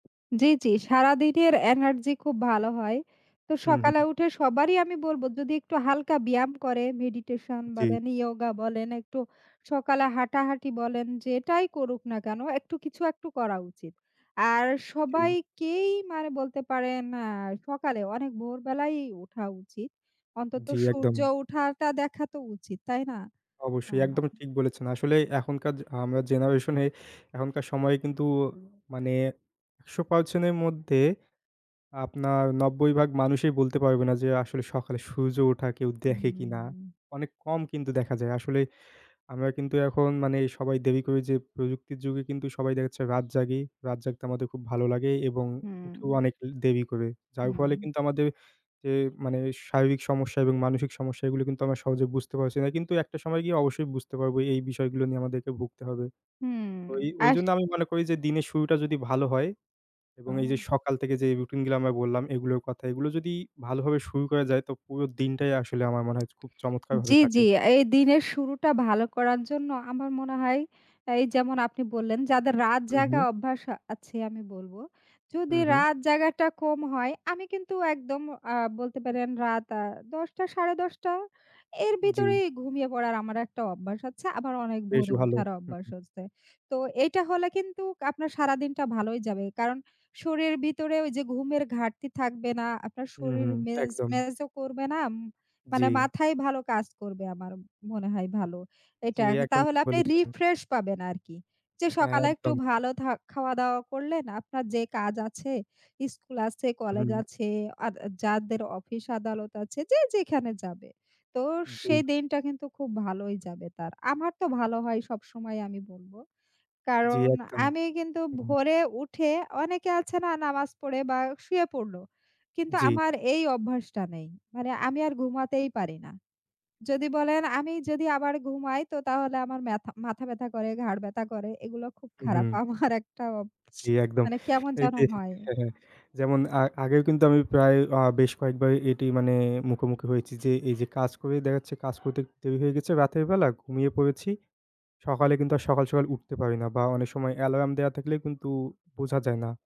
জি, জি। সারাদিনের এনার্জি খুব ভালো হয়। তো সকালে উহু। উঠে সবারই আমি বলব যদি একটু হালকা ব্যায়াম করে, মেডিটেশন জি। বলেন, ইয়োগা বলেন একটু সকালে হাঁটাহাঁটি বলেন, যেটাই করুক না কেন একটু কিছু একটু করা উচিত। আর জি। সবাইকেই মারে বলতে পারেন, আ সকালে অনেক ভোরবেলাই উঠা উচিত। অন্তত জি, একদম। সূর্য উঠাটা দেখা তো উচিত, তাই না? অবশ্যই, আহা! একদম হা ঠিক বলেছেন, আসলে এখনকার য আমরা জেনারেশনে এখনকার সময়ে কিন্তু, মানে ১০০% এর মধ্যে, আপনার ৯০ ভাগ মানুষই বলতে পারবে না যে, আসলে সকালে সূর্য ওঠা কেউ দেখে কিনা? উহুম। অনেক কম কিন্তু দেখা যায় আসলে, আমরা কিন্তু এখন মানে সবাই দেরি করে যে, প্রযুক্তির যুগে কিন্তু সবাই দেখাচ্ছে রাত জাগি, রাত জাগতে আমাদের খুব ভালো লাগে এবং উঠেও হুম। অনেক লে দেরি করে। যার ফলে উম কিন্তু আমাদের যে, মানে শারীরিক সমস্যা এবং মানসিক সমস্যা এগুলো কিন্তু আমরা সহজে বুঝতে পারছি না। কিন্তু একটা সময় গিয়ে অবশ্যই বুঝতে পারবো এই, এই বিষয়গুলো নিয়ে আমাদেরকে ভুগতে হবে। হুম, তো ওই আস ওইজন্য আমি মনে করি যে, দিনের শুরুটা যদি ভালো হয় আ এবং এইযে সকাল থেকে যেই, রুটিন গুলা আমরা বললাম এগুলোর কথা, এগুলো যদি ভালোভাবে শুরু করা যায় তো পুরো দিনটাই আসলে আমার মনে হয় যে, খুব জি, চমৎকারভাবে জি। কাটে। এই দিনের শুরুটা ভালো করার জন্য আমার মনে হয়, এই যেমন আপনি বললেন, যাদের রাত জায়গা উহু। অভ্যাস, আ আছে আমি বলব। যদি উহু। রাত জায়গাটা কম হয় আমি কিন্তু একদম আ বলতে পারেন রাত আ ১০ঃ০০ টা, ১০ঃ৩০ টা, এর জি। ভিতরেই ঘুমিয়ে পড়ার আমার একটা অভ্যাস আছে। আবার অনেক বেশ ভোরে ভালো! উঠার উ অভ্যাস উ হচ্ছে। তো এইটা হলে কিন্তু আপনার সারাদিনটা ভালোই যাবে। কারণ শরীর ভিতরেও ওইযে ঘুমের ঘাটতি থাকবে না, আপনার শরীর উহু, ম্যাজ একদম। ম্যাজো করবে না আম মানে জি। মাথায় ভালো কাজ করবে আমার, মনে হয় ভালো। জি, এটা একদম তাহলে ঠিক আপনি বলেছেন। রিফ্রেশ পাবেন আরকি। যে, হ্যাঁ, সকালে একটু একদম। ভালো থা খাওয়া-দাওয়া করলেন আপনার যে, কাজ আছে, স্কুল আছে, কলেজ হুম। আছে, আর যাদের অফিস আদালত আছে, যে, যেখানে যাবে। তো জি। সেই দিনটা কিন্তু খুব ভালোই যাবে তার। আমার তো ভালো হয় সবসময় আমি বলব। জি, কারণ একদম। আমি কিন্তু উম ভোরে উঠে অনেকে আছে না নামাজ পড়ে বা শুয়ে পড়ল। কিন্তু জি। আমার এই অভ্যাসটা নেই। মানে আমি আর ঘুমাতেই পারি না। যদি বলেন আমি যদি আবার ঘুমাই তো তাহলে আমার মেথা মাথা ব্যাথা করে, ঘাড় ব্যাথা করে এগুলো খুব খারাপ। উহু। আমার একটা অব. জি, একদম। মানে কেমন এই যেন দেখেন হয়। হ্যাঁ, হ্যাঁ। যেমন আ আগেও কিন্তু আমি প্রায় আ বেশ কয়েকবার এটি মানে মুখোমুখি হয়েছি যে, এইযে কাজ করে দেখাচ্ছে কাজ করতে, করতে দেরি হয়ে গেছে রাতের বেলা ঘুমিয়ে পড়েছি, সকালে কিন্তু আর সকাল, সকাল উঠতে পারি না বা অনেক সময় অ্যালার্ম দেওয়া থাকলেও কিন্তু বোঝা যায় না।